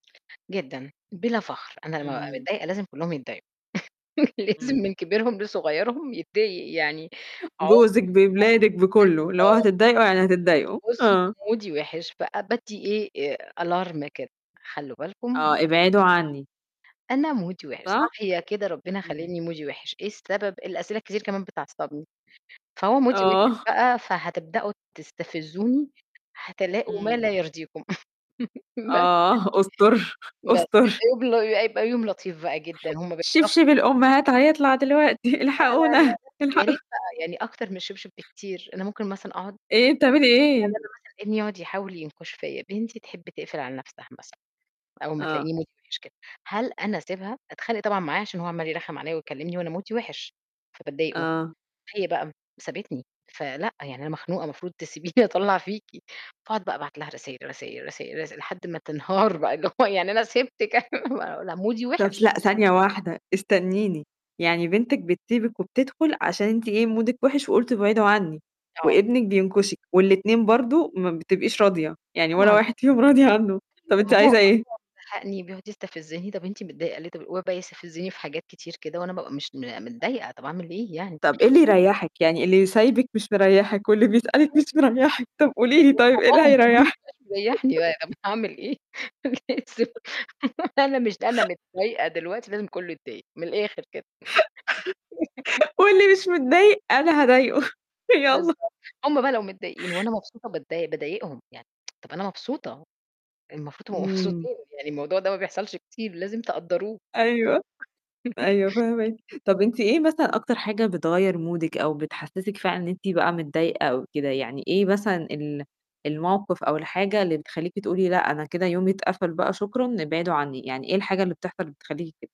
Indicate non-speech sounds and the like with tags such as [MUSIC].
جدًا، بلا فخر أنا لمّا بابقى إمم. متضايقة، لازم كُلّهم يتضايقوا [CHUCKLES] لازم إمم. من كبيرهم لصغيرهم يتضايق يعني جوزك باولادك [UNINTELLIGIBLE] بكُلّه، اللي هو: بالضبط. "هتّضايقوا، يعني هتّضايقوا." وصلوأ آه. ومودي وحِش فأ بادّي إيه Alarm كده: "خلّوا بالكم مودي آه: وحِش. "ابعدوا عني." أنا مودي وحِش، صح؟ صاحية كده ربنا إمم. خالقني مودي وحِش، إيه السبب؟ الأسئلة الكتير كمان بتعَصّبني، فهو مودي وحِش آه. بقى، فهتبدأوا تستفزوني، هتلاقوا ما إمم. لا يرضيكم" [CHUCKLES] بس آه، استر، يعني. بس استر. بيبقى يبقى يوم لطيف بقى جدًا، هُم بيعرفوا شبشب الأمهات هيطلع دلوقتي: لأ، لأ، لأ، "الحقونا، يا الحقوا" ريت بقى يعني أكتر من الشبشب بكتير، أنا ممكن مثلًا أقعد إيه، بتعملي يعني إيه؟ أنا مثلًا ابني يقعد يحاول ينكُش فيّا، بنتي تحب تقفل على نَفْسها مثلًا أول ما آه. تلاقيني مودي وحِش كده. هل أنا أسيبها؟ أتخانق طبعًا معاه، عشان هو عمّال يرخّم عليّا ويكلمني وأنا مودي وحِش، فبضايقُه. آه. هي بقى سابتني فلأ، يعني: "أنا مخنوقة المفروض تسيبيني أطلّع فيكِ." فأقعد بقى أبعت لها رسايل، رسايل، رسايل رساي لحد ما تنهار بقى اللي هو: "يعني أنا سيبتِك أنا ما" "أنا مودي طب ث وحش." لأ، ثانية واحدة استنيني، يعني بنتِك بتسيبِك وبتدخل عشان أنتِ إيه مودِك وحِش، وقُلتِ: "ابعدوا عني." آه. وابنِك بينكشِك، والاتنين برضه ما بتبقيش راضية، يعني ولا طبعًا. واحد فيهم راضية عنه، أيوه، طب أنتِ ما هو هو عايزة إيه؟ مزهقني بيقعد يستفزني: "طب أنتِ متضايقة ليه؟ طب" ويقعد يستفزني في حاجات كتير كده، وأنا بابقى مش متضايقة طب أعمل إيه يعني؟ طب إيه اللي يريحِك، يعني اللي سايبِك مش مريحِك، واللي بيسألِك مش [UNINTELLIGIBLE] مريحِك، طب قولي لي طيب، إيه اللي وباباهم كمان ما هيريحِك؟ بيبقاش مريّحني، [CHUCKLES] [UNINTELLIGIBLE] أنا هاعمل إيه، أنا لازم أنا مش أنا متضايقة دلوقتي، لازم كُلّه يتدايق من الآخر كده [CHUCKLES] [CHUCKLES] "واللي مش متضايق، أنا هاضايقُه، [CHUCKLES] يالّا." بالضبط. هُم بقى لو متضايقين وأنا مبسوطة باتضاي بضايقهم يعني [TSK] طب أنا مبسوطة، المفروض تبقوا إمم. مبسوطين يعني: "الموضوع ده ما بيحصلش كتير لازم تقدّروه." أيوه. أيوه، [CHUCKLES] فاهماكِ، طب أنتِ إيه مثلًا أكتر حاجة بتغيّر مودِك أو بتحسسِك فعلًا إن أنتِ بقى متضايقة أو كده، يعني إيه مثلًا ال المَوقِف أو الحاجة اللي بتخلّيكِ تقولي: "لأ، أنا كده يومي اتقفل بقى، شكرًا، ابعدوا عني." يعني إيه الحاجة اللي بتحصل بتخلّيكِ كده؟